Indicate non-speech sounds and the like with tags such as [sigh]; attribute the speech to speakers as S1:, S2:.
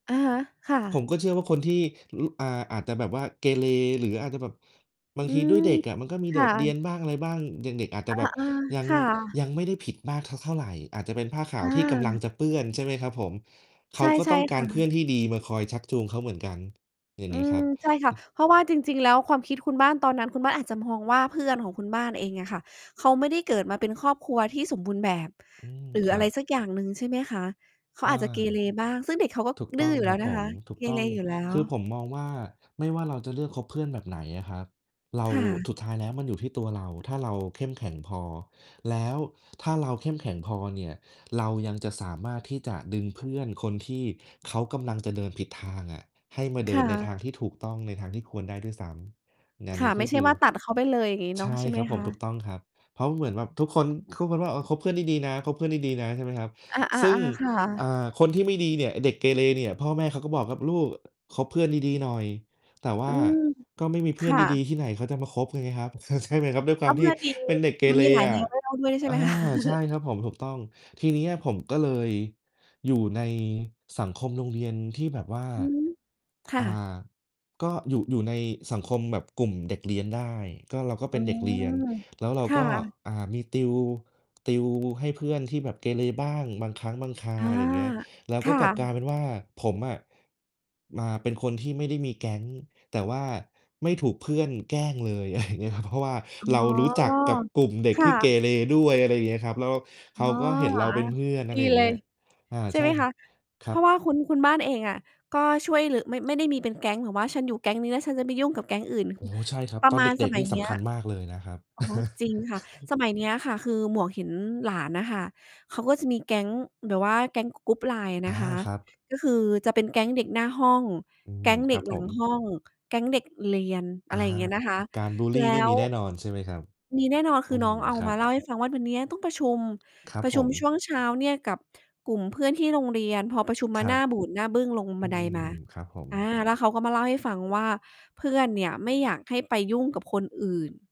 S1: อะฮะ ค่
S2: ผ
S1: ะ
S2: มก็เชื่อว่า คนที่ ร อ่า อาจจะแบบว่าเกเร หรืออาจจะแบบ บาง
S1: อื
S2: ทีด้ว
S1: ม
S2: ยเด็กอะ มันก็มี
S1: ค
S2: โด
S1: ่
S2: ดเรีย
S1: ะ
S2: นบ้าง อะไรบ้าง เด็ก ๆ อาจจ
S1: อ
S2: ะ
S1: า
S2: แบบยัง
S1: ๆ ค่ะ
S2: ยังไม่ได้ผิดมากสักเท่าไร อาจจะเป็นผ้าขา
S1: อ
S2: วที่กำลัง
S1: า
S2: จะเปื้อน ใช่ไหมครับผม? เข
S1: ใช
S2: า
S1: ่
S2: ก็
S1: ใช
S2: ต
S1: ่
S2: ้องก
S1: ค
S2: า
S1: ่
S2: รเพื่
S1: ะ
S2: อนที่ดีมาคอยชักจูงเขาเหมือนกัน อย่าง
S1: อื
S2: เงี้ยคร
S1: ม
S2: ับ
S1: ใช่ค่
S2: อ
S1: ะ
S2: ืม
S1: เพราะว่าจริง ๆ แล้วความคิดคุณบ้านตอนนั้น คุณบ้านอาจจะมองว่า เพื่อนของคุณบ้านเองอะค่ะ เขาไม่ได้เกิดมาเป็นครอบครัวที่สมบูรณ์แบบ
S2: อืม
S1: หรือ
S2: คร
S1: อ
S2: ั
S1: ะไร
S2: บ
S1: สักอย่างหนึ่ง ใช่ไหมคะ? เขา
S2: เออ
S1: อาจจะเกเรบ้าง ซึ่งเด็กเขาก็
S2: ถูก
S1: ด
S2: ต
S1: ื้
S2: ้อ
S1: อ
S2: ง
S1: อยู่แ
S2: ค
S1: ล
S2: ร
S1: ้
S2: ั
S1: ว
S2: บ
S1: น
S2: ผ
S1: ะค
S2: ม
S1: ะ
S2: ถู
S1: เ
S2: ก
S1: ก
S2: ต้
S1: เร
S2: อง
S1: อยู่แล้
S2: คือ
S1: ว
S2: ผมมองว่า ไม่ว่าเราจะเลือกคบเพื่อนแบบไหนอะครับ เรา
S1: ค่ะ
S2: สุดท้ายแล้วมันอยู่ที่ตัวเรา ถ้าเราเข้มแข็งพอ แล้วถ้าเราเข้มแข็งพอเนี่ย เรายังจะสามารถที่จะดึงเพื่อนคนที่เขากำลังจะเดินผิดทางอะ ให้มาเ
S1: ค
S2: ดิ
S1: ่
S2: นในท
S1: ะ
S2: างที่ถูกต้อง ในทางที่ควรได้ด้วยซ้ำ งาน
S1: ค
S2: น
S1: ่
S2: ี
S1: ะ
S2: ้
S1: ไ
S2: ก
S1: ม
S2: ็
S1: ่ใช
S2: ค
S1: ่
S2: ื
S1: ว
S2: อ
S1: ่าตัดเขาไปเลย อย่างงี้เ
S2: ใ
S1: น
S2: ช
S1: าะ
S2: ่
S1: ใช่ไ
S2: ค
S1: หม
S2: รับผ
S1: ค
S2: ม
S1: ะ?
S2: ถูกต้องครับ เพราะเหมือนแบบทุกคน ทุกคนว่า "เออ คบเพื่อนดี ๆ นะ คบเพื่อนดี ๆ นะ" ใช่ไหมครับ
S1: อา
S2: ซึ่ง
S1: ๆ ๆ ค่
S2: อ่
S1: ะ
S2: า คนที่ไม่ดีเนี่ย ไอ้เด็กเกเรเนี่ย พ่อแม่เขาก็บอกครับ "ลูก คบเพื่อนดี ๆ หน่อย" แต่ว่
S1: อื
S2: า
S1: ม
S2: ก็ไม่มีเ
S1: ค
S2: พื่อน
S1: ่
S2: ดี
S1: ะ
S2: ๆ ที่ไหน เขาจะมาคบกันไงครับ [chuckles] ใช่ไหมครับ ด้วยค
S1: ถ
S2: ว
S1: ้
S2: า
S1: า
S2: ม
S1: เพ
S2: ท
S1: ื
S2: ี
S1: ่
S2: ่
S1: อน ดี
S2: เป็นเด็กเก
S1: มัน
S2: เร
S1: มีหลาย
S2: อ
S1: แน
S2: ะ
S1: วให้เล่า ด้วยใช่ไ
S2: อ
S1: หม
S2: า
S1: คะ?
S2: ใช่ครับผม ถูกต้อง ทีเนี้ยผมก็เลยอยู่ในสังคมโรงเรียนที่แบบว่า
S1: อือฮึ ค่
S2: อ่
S1: ะ
S2: า ก็อยู่ อยู่ในสังคมแบบกลุ่มเด็กเรียนได้ ก็ เราก็
S1: อ
S2: เป
S1: ๋
S2: ็
S1: อ
S2: นเด็กเรียน แล้วเรา
S1: ค่
S2: ก็
S1: ะ
S2: อ่า มีติว ติวให้เพื่อนที่แบบเกเรบ้าง บางครั้งบางครา
S1: อา
S2: ว อะไรเงี้ย แล้ว
S1: ค
S2: ก็
S1: ่
S2: กลับกลา
S1: ะ
S2: ยเป็นว่า ผมอะมาเป็นคนที่ไม่ได้มีแก๊ง แต่ว่าไม่ถูกเพื่อนแกล้งเลย อะไรเงี้ยครับ เพราะว่า
S1: อ๋อ
S2: เรารู้จักกับกลุ่มเด็
S1: ค
S2: ก
S1: ่
S2: ที่เก
S1: ะ
S2: เรด้วย อะไรเงี้ยครับ แล้วเ
S1: อ
S2: ข
S1: ๋
S2: า
S1: อ
S2: ก็เห็น
S1: แบ
S2: เร
S1: บ
S2: า
S1: ว
S2: เ
S1: ่า
S2: ป็นเพื่อน อ
S1: ด
S2: ะไ
S1: ี
S2: รอย่
S1: เ
S2: า
S1: ล
S2: งเงี
S1: ย
S2: ้ย อา
S1: ใช่
S2: ใช
S1: ไห
S2: ่
S1: ม
S2: ค
S1: ค
S2: รั
S1: ะ?
S2: บ ค
S1: เ
S2: ร
S1: พ
S2: ั
S1: ราะว่าค
S2: บ
S1: ุณ คุณบ้านเองอะก็ช่วยรึ่ ไม่ ไม่ได้มี เป็นแก๊ง แบบว่าฉันอยู่แก๊งนี้แล้วฉันจะไม่ยุ่งกับแก๊งอื่น
S2: โอ้โฮ ใช่ครับ
S1: ประ
S2: ตอ
S1: ม
S2: น
S1: า
S2: เ
S1: ณ ส
S2: ด็ก
S1: ม
S2: ๆ
S1: ั
S2: น
S1: ย
S2: ี่
S1: เน
S2: ส
S1: ี้ย
S2: ำคัญมากเลยนะครับ
S1: อ๋อ
S2: [chuckles]
S1: จริงค่ะ สมัยเนี้ยค่ะ คือหมวกเห็นหลานน่ะค่ะ เขาก็จะมีแก๊งแบบว่าแก๊ง ก กรุ๊ป LINE น
S2: อา
S1: ะคะ
S2: ครับ
S1: ก็คือจะเป็นแก๊งเด็กหน้าห้อง
S2: อื
S1: แก
S2: ม
S1: ๊งเด
S2: ค
S1: ็
S2: รั
S1: ก
S2: บ
S1: หล
S2: ผ
S1: ัง
S2: ม
S1: ห้อง แก๊งเด็กเรียน อ
S2: อ
S1: ะไ
S2: า
S1: รอย่างเงี้ยนะคะ
S2: การบุลล
S1: แล
S2: ี
S1: ้
S2: นี่ม
S1: ว
S2: ีแน่นอน ใช่ไหมครับ?
S1: มีแน่นอน ค
S2: อื
S1: ือน
S2: ม
S1: ้อง เอา
S2: ครั
S1: ม
S2: บ
S1: าเล่า ให้ฟังว่า "วันเนี้ยต้องประชุม
S2: ครับ
S1: ประ
S2: ผ
S1: ชุม
S2: ม
S1: ช่วงเช้าเนี่ยกับกลุ่มเพื่อนที่โรงเรียน" พอประชุมม
S2: ค
S1: า
S2: ร
S1: ห
S2: ั
S1: น
S2: บ
S1: ้าบูดหน้าบึ้งลงบ
S2: อ
S1: ั
S2: ื
S1: นไดม
S2: ม
S1: า
S2: ครับผม
S1: อา แล้วเขาก็มาเล่าให้ฟังว่า "เพื่อนเนี่ยไม่อยากให้ไปยุ่งกับคนอื่น"